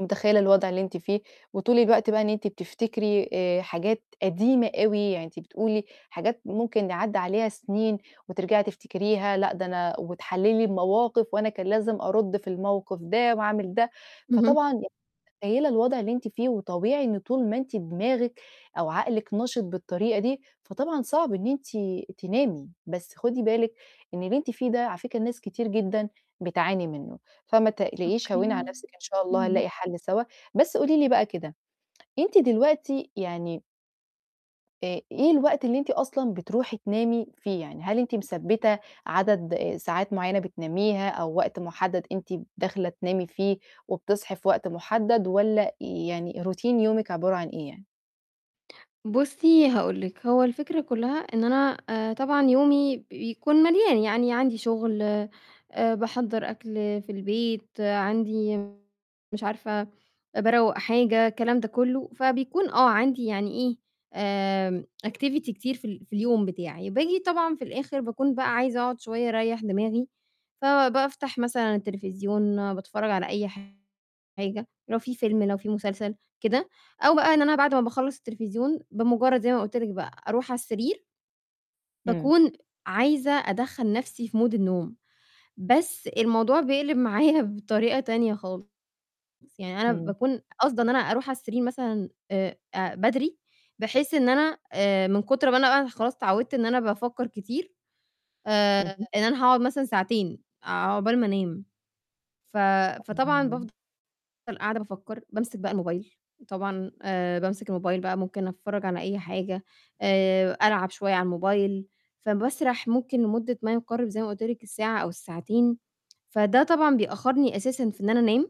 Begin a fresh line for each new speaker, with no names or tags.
متخيّلة الوضع اللي أنتِ فيه، وطول الوقت بقى إن أنتِ بتفتكري آآ، حاجات قديمة أوي، يعني أنتِ بتقولي حاجات ممكن ن عدّى عليها سنين وترجعي تفتكريها، لأ ده أنا وتحلِّلي المواقف وأنا كان لازم أرُدّ في الموقف ده وأعمل ده،
اهم.
فطبعًا متخيّلة الوضع اللي أنتِ فيه، وطبيعي إن طول ما أنتِ دماغِك أو عقلِك نشِط بالطريقة دي، فطبعًا صعب إن أنتِ تنامي، بس خدي بالِك إن اللي أنتِ فيه ده على فكرة ناس كتير جدًا بتعاني منه، فما تقلقيش
أوكي.
هوّني على نفسِك إن شاء الله
امم.
هنلاقي حل سوا، بس قولي لي بقى كده، أنتِ دلوقتي يعني آآ، إيه الوقت اللي أنتِ أصلًا بتروحي تنامي فيه، يعني هل أنتِ مثبّتة عدد ساعات معيّنة بتناميها أو وقت محدَّد أنتِ داخلة تنامي فيه، وبتصحي في وقت محدَّد، والّا يعني Routine يومِك عبارة عن إيه يعني؟
بُصّي، هاقول لِك، هو الفكرة كلّها إن أنا آآ، طبعًا يومي بيكون مليان، يعني عندي شغل آآ، باحَضّر أكل في البيت عندي مش عارفة أ باروّق حاجة، الكلام ده كلّه، فبيكون آه، عندي يعني إيه، آآ activity كتير في ال في اليوم بتاعي، باجي طبعًا في الآخر، باكون بقى عايزة أقعد شوية أريّح دماغي، فبافتح مثلًا التلفزيون، باتفرّج على أي حاجة، لو في فيلم لو في مسلسل كده، أو بقى إن أنا بعد ما باخلّص التلفزيون، بمجرّد زي ما قلت لِك بقى أرُوح على السرير
إمم.
باكون عايزة أدَخّل نفسي في mood النوم، بس الموضوع بيقلب معايا بطريقة تانية خالص، يعني أنا
إمم.
باكون قاصدة إن أنا أرُوح على السرير مثلًا آآ، أ بدري بحيث إن أنا آآ من كُتر ما أنا خلاص اتعوّدت إن أنا بافكّر كتير، آآ،
اهم.
إن أنا هاقعد مثلًا ساعتين، عقبال ما أنام، ف فطبعًا بافضل
[unintelligible]
قاعدة بافكّر، بامسك بقى الموبايل، طبعًا آآ، بامسك الموبايل بقى ممكن أتفرّج على أي حاجة، آآ، ألعب شوية على الموبايل، فباسرح ممكن لمدة ما يقارِب زي ما قلت لِك الساعة أو الساعتين، فده طبعًا بيأخّرني أساسًا في إن أنا أنام.